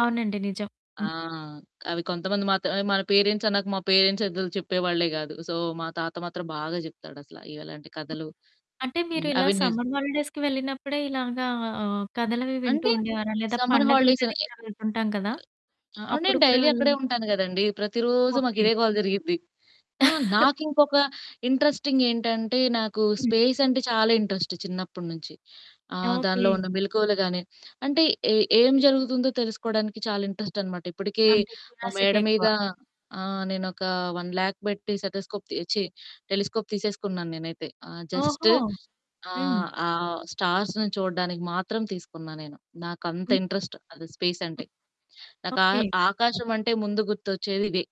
అవునండి. నిజం. ఆ! హ్మ్. అవి కొంతమంది మాత్రమే మన పేరెంట్స్ అన్నాక మా పేరెంట్స్ అసలు చెప్పే వాళ్ళే గాదు. సో, మా తాత మాత్రం బాగా జెప్తాడసల ఇగ ఇలాంటి హ్మ్. కథలు అంటే మీరు హ్మ్. ఇలా అవి నిజ్ సమ్మర్ హాలిడేస్‌కి వెళ్ళినప్పుడే ఇలాగా ఆహ్, కథలవి వింటూ అంటే ఉండేవారా? లేదా సమ్మర్ హాలిడేస్ పండగలకది ఎ కూడా వెళ్తుంటాం కదా! ఆ! అప్పుడు నేను కూడా డైలీ వెళ్ళి అక్కడే ఉంటాను గదండీ! ప్రతిరోజు మాకు ఓకే. ఇదే గోల జరిగుద్ది. ఆహ్, నాకింకొక ఇంట్రెస్టింగ్ ఏంటంటే, నాకు హ్మ్. స్పేస్ అంటే చాలా ఇంట్రెస్టు చిన్నప్పటి నుంచి. ఆహ్, దానిలో ఓకే. ఉన్న మెలుకువలు గాని, అంటే ఏ ఏం జరుగుతుందో తెలుసుకోవడానికి చాలా ఇంట్రెస్ట్ అనమాట. ఇప్పటికే అంటే మా మేడ క్యూరియాసిటీ మీద ఎక్కువ. ఆహ్, నేనొక 1,00,000 పెట్టి సెతస్కోప్ ఛీ టెలిస్కోప్ తీసేసుకున్నాను నేనైతే. ఆహ్, జస్టు ఓహో! హ్మ్. ఆహ్, ఆహ్, స్టార్స్‌ని చూడడానికి మాత్రం తీసుకున్నా నేను. నాకంత హ్మ్. ఇంట్రెస్ట్ అది స్పేసంటే. హ్మ్. నాకు ఆ ఓకే. ఆకాశమంటే ముందు గుర్తొచ్చేది ఇదే.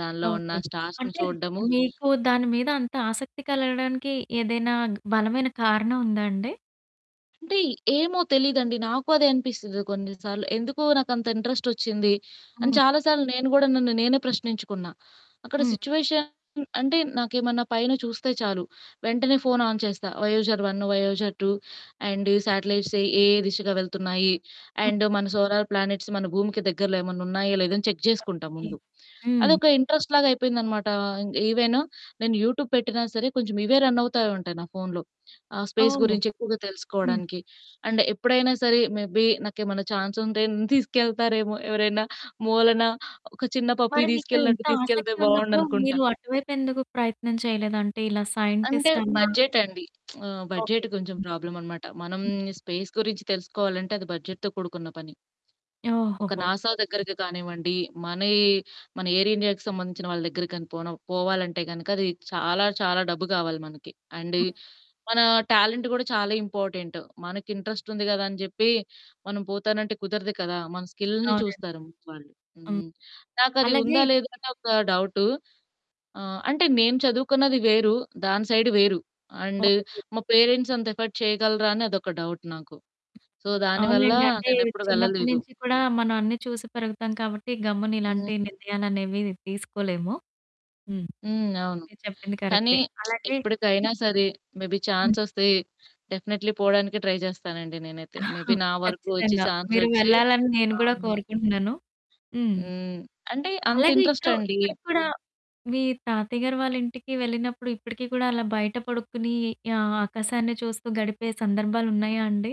దానిలో ఉన్న ఓకే. స్టార్స్‌ని అంటే చూడ్దము మీకు దాని మీద అంత ఆసక్తి కలగడానికి ఏదైనా బలమైన కారణం ఉందా అండి? అంటే ఏమో తెలీదండి. నాకు అదే అనిపిస్తుంది కొన్ని సార్లు. ఎందుకో నాకంత ఇంట్రెస్టొచ్చింది, అని హ్మ్. చాలా సార్లు నేను గూడా నన్ను నేనే ప్రశ్నించుకున్నా. అక్కడ హ్మ్. సిట్యుయేషన్ అంటే నాకేమన్నా పైన చూస్తే చాలు వెంటనే ఫోను ఆన్ చేస్తా. వయొజర్ వన్ను, వయొజర్ 2 అండ్ ఈ సేటెలైట్స్ ఏ ఏ దిశగా వెళ్తున్నాయి, హ్మ్. అండ్ మన సోలార్ ప్లానెట్స్ మన భూమికి దగ్గరలో ఏమన్నా ఉన్నాయా? లేదా? అని చెక్ జేసుకుంటా ఓకే. ముందు. హ్మ్. అదొక ఇంట్రెస్ట్‌లాగా అయిపోయిందనమాట. ఈవెన్ నేను యూట్యూబ్ పెట్టినా సరే కొంచెం ఇవే రన్ అవుతా ఉంటాయి నా ఫోనులో. ఆహ్, స్పేస్ ఓహ్! గురించి ఎక్కువగా హ్మ్. తెలుసుకోవడానికి అండ్ ఎప్పుడైనా సరే మే బీ నాకేమన్నా ఛాన్సుంటే నన్ను తీసుకెళ్తారేమో! ఎవరైనా మూలన ఒక చిన్న పప్పీ మరి మీకు దీసుకెళ్ళినట్టు ఇంత తీసుకెళ్తే ఆసక్తి ఉన్నప్పుడు బావుండనుకుంటా. మీరు అటువైపు ఎందుకు ప్రయత్నం చేయలేదు? అంటే ఇలా అంటే సైంటిస్టన్నా బడ్జెట్ అండి. ఓకే. బడ్జెట్ కొంచెం హ్మ్. ప్రాబ్లమనమాట. మనం హ్మ్. స్పేస్ గురించి తెలుసుకోవాలంటే అది బడ్జెట్‌తో కూడుకున్న పని. ఒక ఓహోహో! ఓకే. నాసా దగ్గరకి కానివ్వండి మనయి, మన ఎయిర్ ఇండియాకి సంబంధించిన వాళ్ళ దగ్గరకి గాని పోనవ్ పోవాలంటే గనక అది చాలా, చాలా డబ్బు గావాలి మనకి. అండ్ హ్మ్. మన టాలెంట్ గూడా చాలా ఇంపార్టెంటు మనకి. ఇంట్రెస్ట్ ఉంది గదా అని జెప్పి, మనం పోతానంటే కుదరదు కదా! మన స్కిల్‌ని అవునండి. చూస్తారు ముందు వాళ్ళు. హ్మ్. హ్మ్. నాకది అలాగే ఉందా? లేదా? అని ఒక డౌటు. ఆహ్, అంటే నేను చదువుకున్నది వేరు దాని సైడు వేరు అండ్ ఓకే. మా పేరెంట్స్ అంత ఎఫర్ట్ చేయగలరా? అని అదొక డౌట్ నాకు. సో దానివల్ల అవునులెండి. అంటే నేనెప్పుడు చిన్నప్పడి వెళ్ళలేదు. నుంచి కూడా మనం అన్నీ చూసి పెరుగుతాం కాబట్టి, గమ్మున హ్మ్. ఇలాంటి నిర్ణయాలనేవి తీసుకోలేము. హ్మ్. హ్మ్. అవును. మీరు చెప్పింది కానీ కరెక్టే. అలాగే హ్మ్. ఎప్పడికైనా సరే మేబీ హ్మ్. ఛాన్సొస్తే డెఫినెట్లీ పోవడానికి ట్రై జేస్తానండి నేనైతే. మే బీ నా వరకు ఒచ్చి ఖచ్చితంగా. మీరు ఛాన్సొచ్చి వెళ్ళాలని నేను గూడా అవును. కోరుకుంటున్నాను. హ్మ్. హ్మ్. అంటే అంత అలాగే ఇప్పుడు ఇంట్రెస్టండి. ఇప్పుడికి కూడా మీ తాతయ్య గారు వాళ్ళింటికి వెళ్ళినప్పుడు ఇప్పుడికి కూడా అలా బయట పడుకుని ఆహ్, ఆకాశాన్ని చూస్తూ గడిపే సందర్భాలున్నాయా అండి?